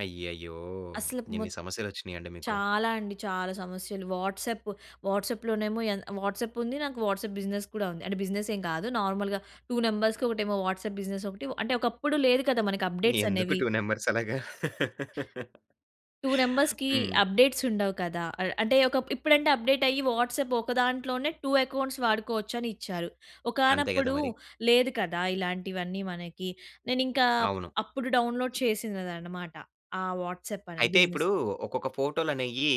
అయ్యయ్యో! అసల ఎన్ని మొత్ సమస్యలొచ్చినియండి మీకు. చాలా అండి. చాలా సమస్యలు. వాట్సాప్. వాట్సాప్‌లోనేమో ఎన్ వాట్సాప్పుంది. నాకు వాట్సాప్ బిజినెస్ కూడా ఉంది. అంటే, బిజినె‌‌సేం కాదు, నార్మల్‌గా 2 నంబర్స్‌కి, ఒకటేమో వాట్సాప్ బిజినెసొకటి. ఒ అంటే, ఒకప్పుడు లేదు కదా మనకి ఎందుకు అప్డేట్సనేవి. 2 నంబర్సలాగా? 2 నంబర్స్‌కీ హ్మ్. అప్డేట్సుండవు కదా! ఆహ్, అంటే ఒకప్ ఇప్పుడంటే, అప్డేటయ్యి వాట్సాప్ ఓక దాంట్లోనే 2 ఎకౌంట్స్ వాడుకోవచ్చని ఇచ్చారు. అంతే గద ఒకానప్పుడు మరి. లేదు కదా ఇలాంటివన్నీ మనకి. నేనింకా అవును. అప్పుడు డౌన్లోడ్ చేసినదనమాట, ఆ వాట్సాప్ అనే అయితే, బిజినెస్. ఇప్పుడూ ఒక్కొక్క ఫోటోలనేయీ,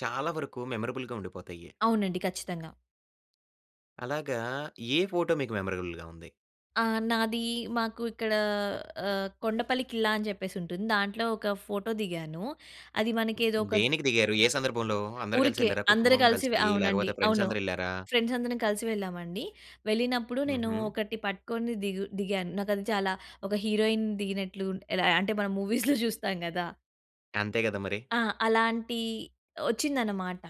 చాలా వరకు మెమరబుల్‌గా ఉండిపోతయ్యి. అవునండి ఖచ్చితంగా. అలాగా, ఏ ఫోటో మీకు మెమరబుల్‌గా ఉంది? ఆ! నాదీ మాకు ఇక్కడా ఆహ్, కొండపల్లి ఖిల్లా అని జెప్పేసుంటుంది. దాంట్లో ఒక ఫోటో దిగాను. అది మనకి ఏదోక దేనికి దిగారు, ఏ సందర్భంలో? అందరు ఊరికే. గలిసెళ్ళారా, అందరు కుటుంబం గలిసి వె గలిసీ, అవునండి. లేకపోతే అవును. ఫ్రెండ్సందరెళ్ళారా? ఫ్రెండ్సందరం కలిసి వెళ్ళామండి. వెళ్ళినప్పుడు నేను హుహు. ఒకటి పట్టుకొని ది‌గు దిగాను. నాకది చాలా ఒక హీరోయిన్ దిగినట్లు ఎలా, అంటే, మనం మూవీస్‌లో జూస్తాం గదా! అంతే గద మరి. ఆ! అలాంటీ ఒచ్చిందనమాట.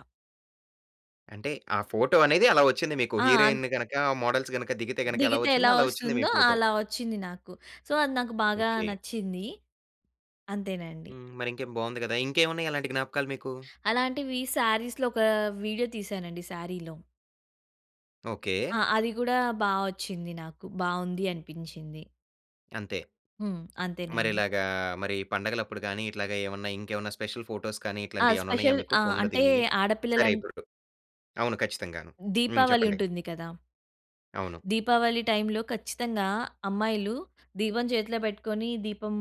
అంటే, ఆ ఫోటో అనేది అలా ఒచ్చింది మీకు. ఆ! అన్ హీరోయిన్‌ని గనకా, మోడల్స్ గనక దిగితే గనక ఎలా దిగితే ఎలా ఒచ్చిందో, అలా ఒచ్చింది మీ ఒస్తుందో ఫోటో. అలా ఒచ్చింది నాకు. సో, అది నాకు బాగా ఓకే. నచ్చింది. అంతేనండి. హ్మ్. మరింకేం? బావుంది గదా! ఇంకేవున్నయి అలాంటి జ్ఞాపకాలు మీకు? అలాంటివీ శారీస్‌లొకా ఒక వీడియో తీశానండి శారీలో. ఓకే. ఆ! అది గూడా బా ఒచ్చింది నాకు. బావుంది అనిపించింది. అంతే. హ్మ్. అంతేనండి. మరిలాగా మరి పండగలప్పుడు గానీ, ఇట్లాగ ఏవన్నా, ఇంకేవన్నా స్పెషల్ ఫోటోస్ కానీ, ఆ! ఇట్లాంటియి ఏవన్నున్నాయా స్పెషల్ మీకు ఆ! ఫోన్‌లో అంటే, దిగినియి? సరే. ఆడపిల్లలన్ ఇపుడు అవును. ఖచ్చితంగాను. హ్మ్ దీపావళి చెప్పండి. ఉంటుంది కదా! అవును. దీపావళి టైమ్‌లో ఖచ్చితంగా, అమ్మాయిలు దీపం చేతిలో పెట్టుకొని, దీపం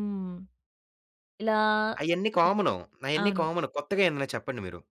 ఇలా అయన్నీ కామన్. అయన్నీ అవును. కామన్. కొత్తగా ఏమన్నా చెప్పండి మీరు.